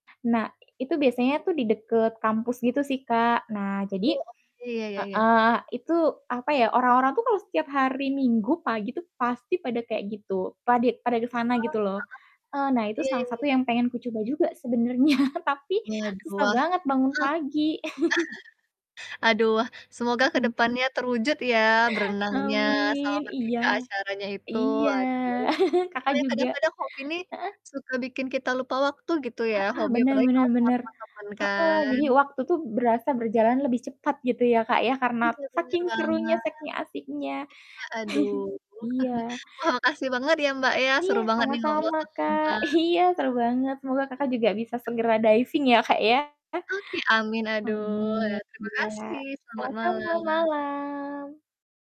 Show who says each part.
Speaker 1: Nah, itu biasanya tuh di deket kampus gitu sih Kak. Nah, jadi
Speaker 2: Oh, oke. Ya ya ya.
Speaker 1: heeh, itu apa ya, orang-orang tuh kalau setiap hari minggu pagi tuh pasti pada kayak gitu. Padit pada ke sana
Speaker 2: Ah,
Speaker 1: gitu loh. Eee, nah
Speaker 2: heeh.
Speaker 1: itu
Speaker 2: Iya, ya
Speaker 1: salah
Speaker 2: ya
Speaker 1: satu
Speaker 2: ya.
Speaker 1: yang pengen kucoba juga sebenarnya, tapi
Speaker 2: Waduh,
Speaker 1: susah
Speaker 2: wah heeh.
Speaker 1: banget bangun pagi.
Speaker 2: Aduh, wah, semoga ke
Speaker 1: Mhm.
Speaker 2: depannya terwujud ya berenangnya sama
Speaker 1: Amin,
Speaker 2: pergi
Speaker 1: iya.
Speaker 2: ke acaranya itu
Speaker 1: Iya.
Speaker 2: aduh. Cuma
Speaker 1: Kakak
Speaker 2: ya
Speaker 1: juga
Speaker 2: kadang-kadang hobi nih
Speaker 1: heeh.
Speaker 2: suka bikin kita lupa waktu gitu ya,
Speaker 1: Heeh,
Speaker 2: hobi
Speaker 1: benar
Speaker 2: apalagi
Speaker 1: benar
Speaker 2: kalau sama
Speaker 1: benar.
Speaker 2: temen-temen
Speaker 1: Heeh,
Speaker 2: kan.
Speaker 1: jadi waktu tuh berasa berjalan lebih cepat gitu ya ,Kak, ya, karena
Speaker 2: Iya bener
Speaker 1: saking serunya,
Speaker 2: banget.
Speaker 1: saking asiknya.
Speaker 2: Iya aduh.
Speaker 1: Iya.
Speaker 2: Wah, makasih banget ya, Mbak, ya,
Speaker 1: Iya,
Speaker 2: seru banget nih ngobrol
Speaker 1: sama-sama
Speaker 2: sama
Speaker 1: Kak.
Speaker 2: Mbak.
Speaker 1: Iya seru banget, semoga Kakak juga bisa segera diving ya, Kak, ya.
Speaker 2: Oke, amin, aduh. Ya,
Speaker 1: Amin,
Speaker 2: terima
Speaker 1: iya
Speaker 2: kasih, selamat
Speaker 1: sama-sama
Speaker 2: malam.
Speaker 1: malam.